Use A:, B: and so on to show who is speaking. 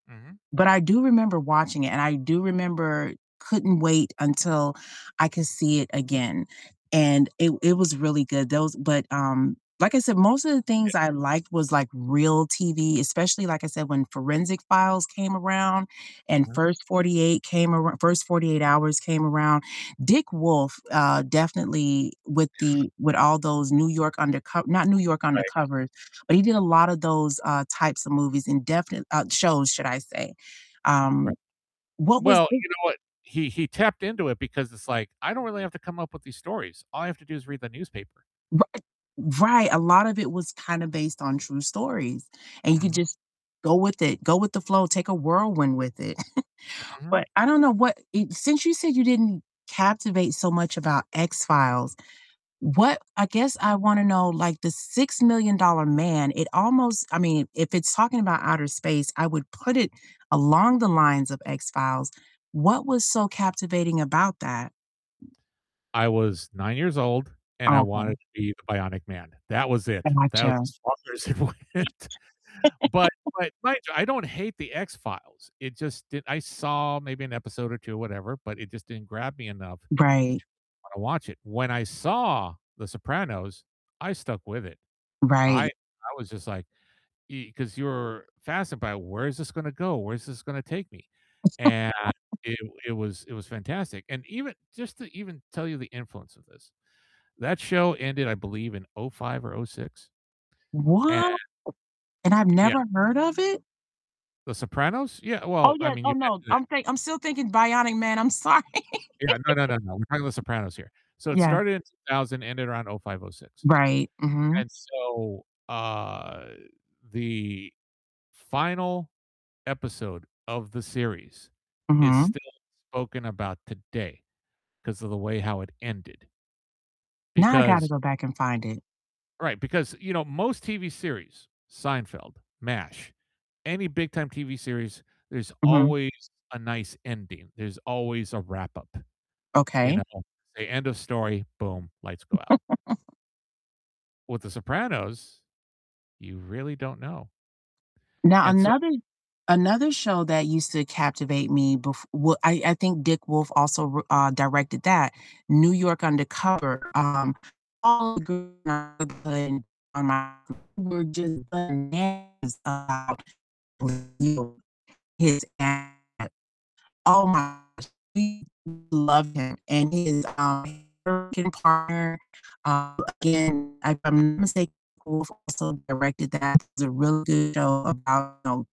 A: Mhm.
B: But I do remember watching it and I do remember couldn't wait until I could see it again, and it it was really good. Those but, um, like I said, most of the things
A: Ye
B: I liked was, like, real TV, especially like I said, when Forensic Files came around and
A: Mhm.
B: First 48 came arou First 48 Hours came around. Dick Wolf, uh, definitely with the with all those New York Underco not New York
A: Right.
B: Undercover, but he did a lotta those, uh, types of movies and definit uh, shows should I say. Um,
A: Right.
B: what was
A: Well,
B: the
A: you know what? He he tapped into it because it's like, I don't really have to come up with these stories, all I have to do is read the newspaper.
B: Righ Right, a lot of it was kind of based on true stories and you could
A: Mhm.
B: just go with it, go with the flow, take a whirlwind with it.
A: Mhm.
B: But I don't know, what e since you said you didn't captivate so much about X-Files, what I guess I wanna know, like The Six Million Dollar Man, it almost I mean, if it's talking about outer space, I would put it along the lines of X-Files. What was so captivating about that?
A: I was 9 years old and I wanted
B: Okay.
A: to be the Bionic Man. That was it, that was
B: Gotcha.
A: as far as it went. But but mind you, I don't hate The X-Files, it just didn't I saw maybe an episode or 2, whatever, but it just didn't grab me enough to
B: Right.
A: wanna watch it. When I saw The Sopranos, I stuck with it. I
B: Right.
A: I was just like, e 'cause you're fascinated by where is this gonna go, where is this gonna take me? And it w it was it was fantastic. And even just to even tell you the influence of this, that show ended, I believe, in '05 or '06 ...and
B: What? And I've
A: Yeah.
B: never heard of it?
A: The Sopranos? Yeah,
B: Oh,
A: well, I
B: yeah.
A: mean,
B: Oh,
A: you
B: no,
A: mentioned it
B: I'm think I'm still thinking Bionic Man. I'm sorry.
A: Yeah, no, no, no, no. We're talking about The Sopranos here. So, it
B: Yeah.
A: started in 2000, ended around '05, '06.
B: Right, mhm.
A: And so, uh, the final episode of the series is
B: Mhm.
A: still spoken about today, 'cause of the way how it ended.
B: Now I gotta
A: Because
B: go back and find it.
A: Right, because, you know, most TV series- Seinfeld, MASH, any big-time TV series- there's
B: Mhm.
A: always a nice ending, there's always a wrap-up, you
B: Okay.
A: know? Say, end of story, boom, lights go out. With The Sopranos, you really don't know.
B: Now
A: And so, I
B: another
A: mean
B: another show that used to captivate me bef well, I I think Dick Wolf also wr uh, directed that, New York Undercover. Um, all the gi [unintelligible] on my were just bananas about [unintelligible] his at Oh my he loved him and his, um, er can partner uh, again, if I'm not mistake Wolf also directed that. It's a real good show about, know